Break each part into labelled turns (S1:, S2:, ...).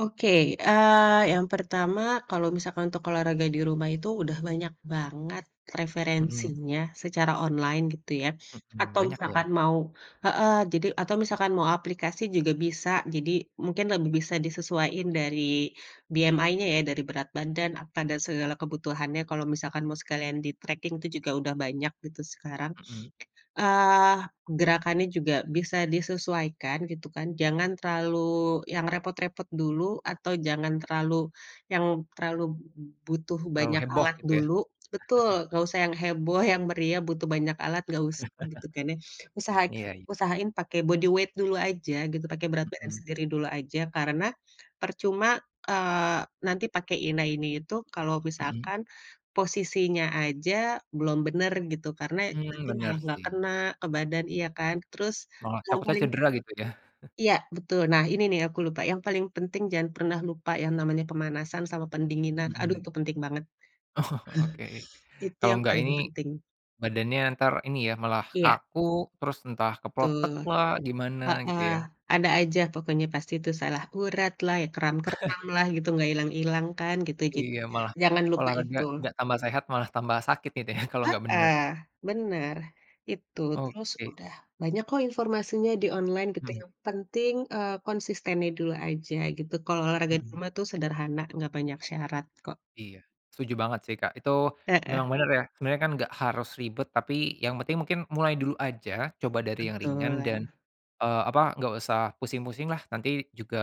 S1: Oke, eee, yang pertama kalau misalkan untuk olahraga di rumah itu, udah banyak banget
S2: Mhm.
S1: referensinya secara online gitu ya,
S2: Mhm,
S1: atau
S2: banyak ya?
S1: misalkan mau heeh, jadi atau misalkan mau aplikasi juga bisa. Jadi mungkin lebih bisa disesuaiin dari BMI-nya ya, dari berat badan, apa dan segala kebutuhannya kalau misalkan mau sekalian di-tracking itu juga udah banyak gitu sekarang.
S2: Mhm.
S1: Eee, gerakannya juga bisa disesuaikan gitu kan, jangan terlalu yang repot-repot dulu atau jangan terlalu, yang terlalu b butuh
S2: Terlalu
S1: banyak
S2: heboh
S1: alat
S2: gitu ya.
S1: dulu betul, enggak usah yang heboh yang meriah butuh banyak alat enggak usah gitu kan ya. Usahakan
S2: Iya iya.
S1: usahain pake body weight dulu aja gitu, pake berat badan
S2: Mhm.
S1: sendiri dulu aja, karena, percuma, eee, nanti pakai, ina ini, itu kalau
S2: Mhm.
S1: misalkan, posisinya aja belum benar gitu, karena
S2: Mmm,
S1: nanti
S2: benar
S1: malah enggak
S2: sih.
S1: kena ke badan, iya kan, terus,
S2: Malah
S1: yang
S2: takutnya
S1: paling
S2: cedera gitu ya.
S1: Iya betul. Nah, ini nih aku lupa, yang paling penting jangan pernah lupa yang namanya pemanasan sama pendinginan, aduh
S2: Mhm.
S1: itu penting banget.
S2: Oke.
S1: Itu
S2: Kalau
S1: yang
S2: enggak
S1: paling
S2: ini,
S1: penting.
S2: badannya entar ini ya, malah
S1: Iya.
S2: kaku, terus entah keplotek
S1: Betul.
S2: lah, gimana gitu
S1: Heeh,
S2: ya.
S1: ada aja pokoknya pasti itu salah urat lah, ya keram-keram lah gitu enggak ilang-ilang kan gitu, jadi
S2: Iya malah,
S1: jangan lupa
S2: olahraga
S1: itu.
S2: enggak tambah sehat, malah tambah sakit gitu ya, kalau enggak benar.
S1: Heeh, benar, itu, terus
S2: Oke.
S1: udah banyak kok informasinya di online gitu,
S2: Mhm.
S1: yang penting, eee, konsistennya dulu aja gitu, kalau olahraga di
S2: Mhm.
S1: rumah tuh sederhana enggak banyak syarat kok.
S2: Iya, setuju banget sih, Kak. Itu,
S1: Heeh.
S2: memang bener ya, sebenarnya kan enggak harus ribet tapi yang penting mungkin mulai dulu aja, coba dari yang ringan
S1: Betul.
S2: dan, eee, apa enggak usah pusing-pusing lah nanti juga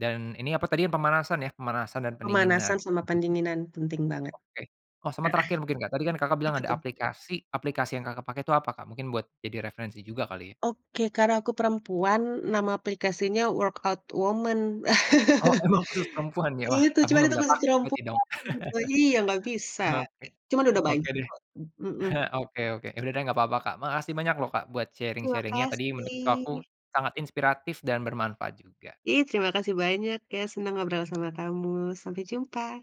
S2: dan ini apa tadi yang pemanasan ya, pemanasan dan pendinginan.
S1: Pemanasan sama pendinginan penting banget,
S2: Oke. Oh, sama
S1: heeh.
S2: terakhir mungkin Kak, tadi kan Kakak bilang
S1: Apa
S2: ada
S1: tuh?
S2: aplikasi aplikasi yang Kakak pakai itu apa, Kak? Mungkin buat jadi referensi juga kali ya.
S1: Oke, karena aku perempuan nama aplikasinya Workout Woman.
S2: Oh emang khusus perempuan ya? Wah,
S1: Itu,
S2: aku
S1: cuman
S2: enggak
S1: itu
S2: bisa
S1: khusus
S2: pake
S1: perempuan
S2: berarti dong.
S1: iya enggak bisa.
S2: Oke.
S1: Cuman udah
S2: Oke
S1: banyak
S2: deh.
S1: kok, mhm.
S2: Oke oke, udah deh enggak apa-apa, Kak, makasih banyak loh, Kak, buat
S1: Terima
S2: sharing-sharing-nya tadi menurut aku
S1: kasih.
S2: sangat inspiratif dan bermanfaat juga.
S1: Iya terima kasih banyak ya, senang ngobrol sama kamu, sampai jumpa.